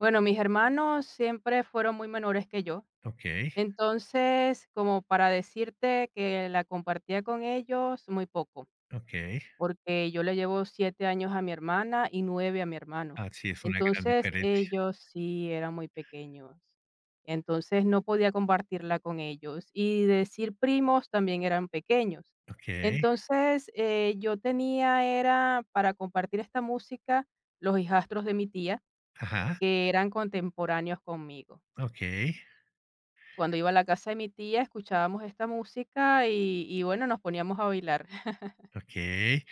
Bueno, mis hermanos siempre fueron muy menores que yo. Okey. Entonces, como para decirte que la compartía con ellos, muy poco, Okey. porque yo le llevo siete años a mi hermana y 9 a mi hermano. Ah, sí es una gran Entonces, diferencia. ellos sí eran muy pequeños. Entonces, no podía compartirla con ellos y decir primos también eran pequeños. Okey. Entonces, eh, yo tenía era para compartir esta música los hijastros de mi tía, Ajá. que eran contemporáneos conmigo. Okey. Cuando iba a la casa de mi tía escuchábamos esta música, y y bueno nos poníamos a bailar. Okey.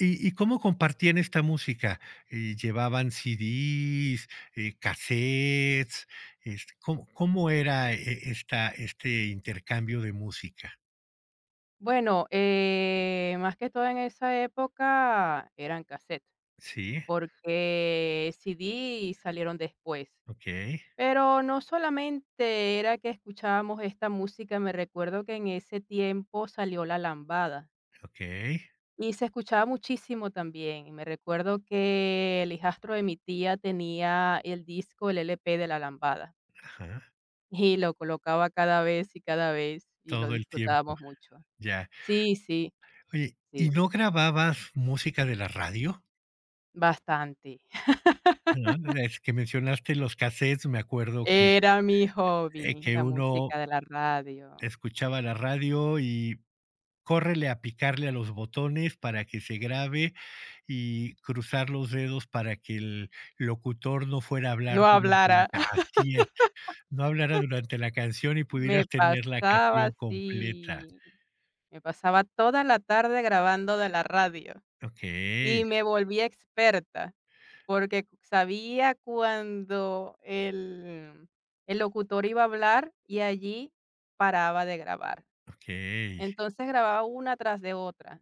¿Y y cómo compartían esta música? ¿Llevaban CDs, eh, cassettes? Este, ¿cómo cómo era e esta este intercambio de música? Bueno, eh, más que todo en esa época eran, casetes, Sí. porque CD salieron después. Okey. Pero no solamente era que escuchábamos esta música, me recuerdo que en ese tiempo salió la lambada Okey. y se escuchaba muchísimo también. Me recuerdo que el hijastro de mi tía tenía el disco, el LP de la lambada Ajá. y lo colocaba cada vez y cada vez y lo Todo el tiempo, disfrutábamos mucho. ya. Sí, sí, Oye, ¿y sí. no grababas música de la radio? Bastante. No, es que mencionaste los cassettes, me acuerdo que, Era mi eh, hobby que la uno música de la radio. escuchaba la radio y córrele a picarle a los botones para que se grabe y cruzar los dedos para que el locutor no fuera a hablar No durante la hablara. así es, no hablara durante la canción y Me pudieras tener la pasaba, canción completa. sí, me pasaba toda la tarde grabando de la radio Okey. y me volví experta porque sabía cuándo el el locutor iba a hablar y allí paraba de grabar. Okey. Entonces, grababa una tras de otra.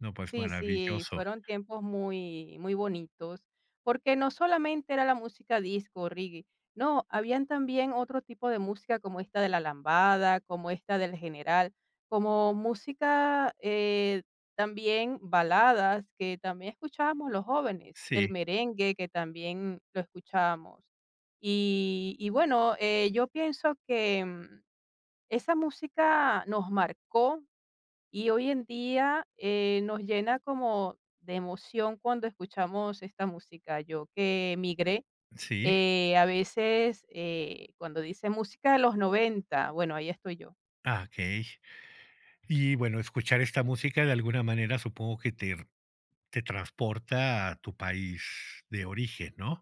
No, pues Sí, sí, maravilloso. fueron tiempos muy, muy bonitos, porque no solamente era la música disco o reggae, no, habían también otro tipo de música como esta de la lambada, como esta del general, como música, eh, también baladas, que también escuchábamos los jóvenes, el Sí. merengue, que también lo escuchábamos. Y y bueno, eh, yo pienso que esa música nos marcó y hoy en día, eh, nos llena como de emoción cuando escuchamos esta música. Yo que migré, Sí. eh, a veces, eh, cuando dice música de los 90, bueno, ahí estoy yo. Ah, okey. Y bueno, escuchar esta música de alguna manera supongo que te te transporta a tu país de origen, ¿no?